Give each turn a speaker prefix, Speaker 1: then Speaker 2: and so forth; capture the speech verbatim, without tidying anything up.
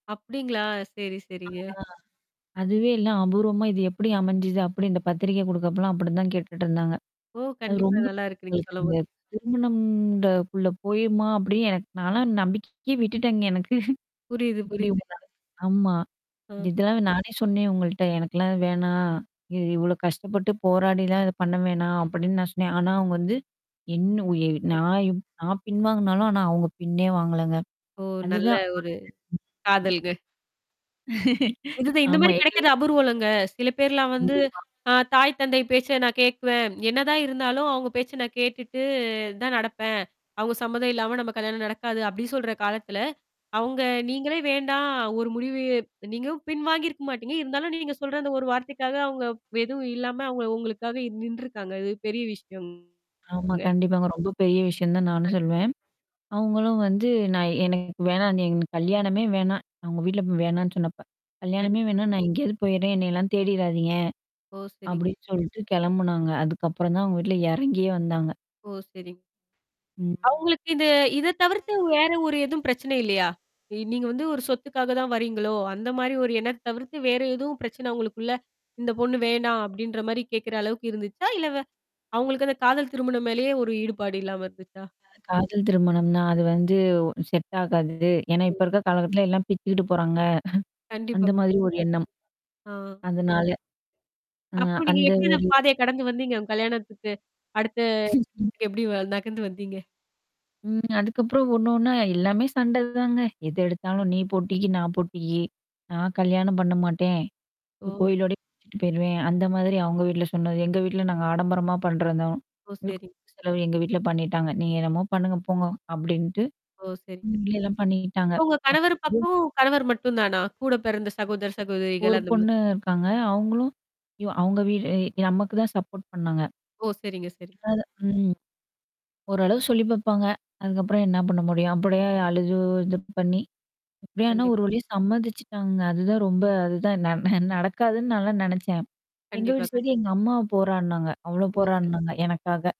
Speaker 1: அப்படீங்களா?
Speaker 2: அ.
Speaker 1: சேரி, சேரிங்க.
Speaker 2: அதுவே எல்லாம் அபூர்வமா இது எப்படி அமைஞ்சுது? அப்படி இந்த பத்திரிக்கை குடுக்கப்பலாம் அப்டி தான் கேட்டுட்டு இருந்தாங்க.
Speaker 1: ஓ!
Speaker 2: அது
Speaker 1: கண்டிப்பா,
Speaker 2: ரொம்ப
Speaker 1: நல்லாயிருக்கு! நீங்க
Speaker 2: உங்களுக்கு அந்த
Speaker 1: சொல்லம்போது!
Speaker 2: திருமணம்ன்றகுள்ள போயிருமா? அப்படின்னு எனக்கு நாலாம் நம்பிக்கைக்கேயே விட்டுட்டேங்க எனக்கு.
Speaker 1: புரியுது,
Speaker 2: இப்படி
Speaker 1: புரியுது.
Speaker 2: உங்க. ஆமா!
Speaker 1: ம்.
Speaker 2: இத நானே சொன்னேன் உங்கள்ட்ட "எனக்கெல்லாம் இது வேணாம். இது இவ்ளோ கஷ்டப்பட்டு போராடிலாம் இத பண்ண வேணாம்." அப்படின்னு நான் சொன்னேன். ஆனா அவங்க வந்து, என்ன உ இ
Speaker 1: கண்
Speaker 2: நான் இப் நான் பின் வாங்குனாலும் ஆனா அவங்க பின்னே வாங்கலங்க.
Speaker 1: ஓ! நல்ல
Speaker 2: அதுதான்.
Speaker 1: ஒரு
Speaker 2: [unintelligible]
Speaker 1: காதல்கள். இதுதான். இந்த
Speaker 2: ஆமா.
Speaker 1: மாரி
Speaker 2: எங்க
Speaker 1: கெடைக்கறது அபூர்வலங்க. சில பேர்லாம் வந்து
Speaker 2: கண்டிப்பா.
Speaker 1: அ தாய், தந்தை பேச்ச நான் கேட்குவன். என்னதான் இருந்தாலும், அவங்க பேச்ச நான் கேட்டுட்டு தான் நடப்பேன். அவங்க சம்மதம் இல்லாம, நம்ம கல்யாணம் நடக்காது. அப்டின்னு சொல்ற காலத்துல? அவங்க நீங்களே வேண்டாம். ஒரு முடிவு நீங்களும் பின் வாங்கியிருக்க மாட்டீங்க. இருந்தாலும், நீங்க சொல்ற அந்த ஒரு வார்த்தைக்காக அவங்க எதுவும் இல்லாம அவுங்க உங்களுக்காக நின்றுருக்காங்க. அது பெரிய விஷயம்ங்க!
Speaker 2: ஆமா, கண்டிப்பாங்க. ரொம்ப பெரிய விஷயந்தான் நானும்
Speaker 1: கண்டிப்பா.
Speaker 2: சொல்லுவன். அவங்களும் வந்து நான் எனக்கு வேணாம் கல்யாணமே வேணாம். அவங்க வீட்ல வேணான்னு சொன்னப்ப "கல்யாணமே
Speaker 1: கண்டிப்பா.
Speaker 2: வேணா! நான் எங்கேயாவது போயடுறேன். என்னையெல்லாம் தேடிறாதீங்க!"
Speaker 1: ஓ! சரிங்
Speaker 2: அப்டின்னு சொல்லிட்டு கிளம்புனாங்க. அதுக்கப்புறம் தான், அவங்க வீட்ல எறங்கியே வந்தாங்க.
Speaker 1: ஓ! சரிங்
Speaker 2: ம்.
Speaker 1: அவங்களுக்கு இது இத தவிர்த்து, வேற ஒரு எதுவும் பிரச்சனை இல்லையா? நீங்க வந்து ஒரு சொத்துக்காக தான் வரீங்களோ! அந்த மாரி ஒரு எண்ணம் தவிர்த்து, வேறு எதுவும் பிரச்சனை உங்களுக்குள்ள, "இந்த பொண்ணு வேணாம்." அப்டின்ற மாரி கேட்கற அளவுக்கு இருந்துச்சா? இல்ல வே அவங்களுக்கு அந்த காதல் திருமணம் மேலேயே ஒரு ஈடுபாடு இல்லாம இருந்துச்சா?
Speaker 2: அ காதல் திருமணம்ன்னா, அது வந்து செட் ஆகாது. ஏன்னா,
Speaker 1: ஓ! சரி.
Speaker 2: இப்ப இருக்கற காலகட்டத்துல எல்லாம் பிச்சுக்கிட்டு போறாங்க.
Speaker 1: கண்டிப்பா,
Speaker 2: அந்த மாரி
Speaker 1: கண்டிப்பா.
Speaker 2: ஒரு எண்ணம்.
Speaker 1: ஆ.
Speaker 2: அதுனால ம், அ
Speaker 1: அப்புறம் நீங்க
Speaker 2: அந்த
Speaker 1: எப்படி அந்த
Speaker 2: ஒரு இது.
Speaker 1: பாதைய கடந்து வந்தீங்க உங்க கல்யாணத்துக்கு? அடுத்து, அங்க [unintelligible] எப்படி வ நகண்டு வந்தீங்க?
Speaker 2: ம். அதுக்கப்புறம் ஒண்ணு, ஒண்ணா எல்லாமே சண்ட தாங்க. எது
Speaker 1: [unintelligible]
Speaker 2: எடுத்தாலும், நீ போட்டிக்கு, நான் போட்டிக்கு. "நான்
Speaker 1: சரி.
Speaker 2: கல்யாணம் பண்ண மாட்டேன்.
Speaker 1: ஓ. ச
Speaker 2: கோயிலோடயே பிச்சிட்டு போயிருவேன்." அந்த மாதிரி அவங்க வீட்ல சொன்னாரு. "எங்க வீட்ல நாங்க ஆடம்பரமா பண்றோம் தான்.
Speaker 1: ஓ!
Speaker 2: முழுக்க
Speaker 1: சரி.
Speaker 2: முழுக்க செலவு, எங்க வீட்ல பண்ணிட்டாங்க. நீங்க என்னமோ பண்ணுங்க போங்க." அப்டின்ட்டு.
Speaker 1: ஓ! சரிங்க.
Speaker 2: இப்டியெல்லாம் பண்ணிக்கிட்டாங்க.
Speaker 1: இப்ப உங்க
Speaker 2: அப்படி
Speaker 1: கணவரு
Speaker 2: [unintelligible]
Speaker 1: பக்கம் கணவரு மட்டுந்தானா? கூட பெறந்த சகோதர், சகோதரிகள்
Speaker 2: ஒரு
Speaker 1: அந்த மாரி
Speaker 2: பொண்ணு இருக்காங்க. அவங்களும் அய்யோ! அவங்க வீடு நமக்கு தான் சப்போர்ட் பண்ணாங்க.
Speaker 1: ஓ! சரிங்க, சரிங்க.
Speaker 2: அதாவது ம். ஓரளவு சொல்லி பாப்பாங்க. அதுக்கப்புறம் என்ன பண்ண முடியும்? அப்படியே அழுது, இது பண்ணி, அப்டி ஆனா, ஒரு
Speaker 1: கண்டிப்பா.
Speaker 2: வழியா சம்மதிச்சுட்டாங்கங்க. அதுதான் ரொம்ப அதுதான் ந நடக்காதுன்னு நான்லாம் நெனச்சன். எங்க
Speaker 1: கண்டிப்பா,
Speaker 2: வீட்டு
Speaker 1: கண்
Speaker 2: சைடுல, எங்க அம்மா போராட்னாங்க! அவ்ளோ
Speaker 1: ஓ! சரி.
Speaker 2: போராட்னாங்க, எனக்காக.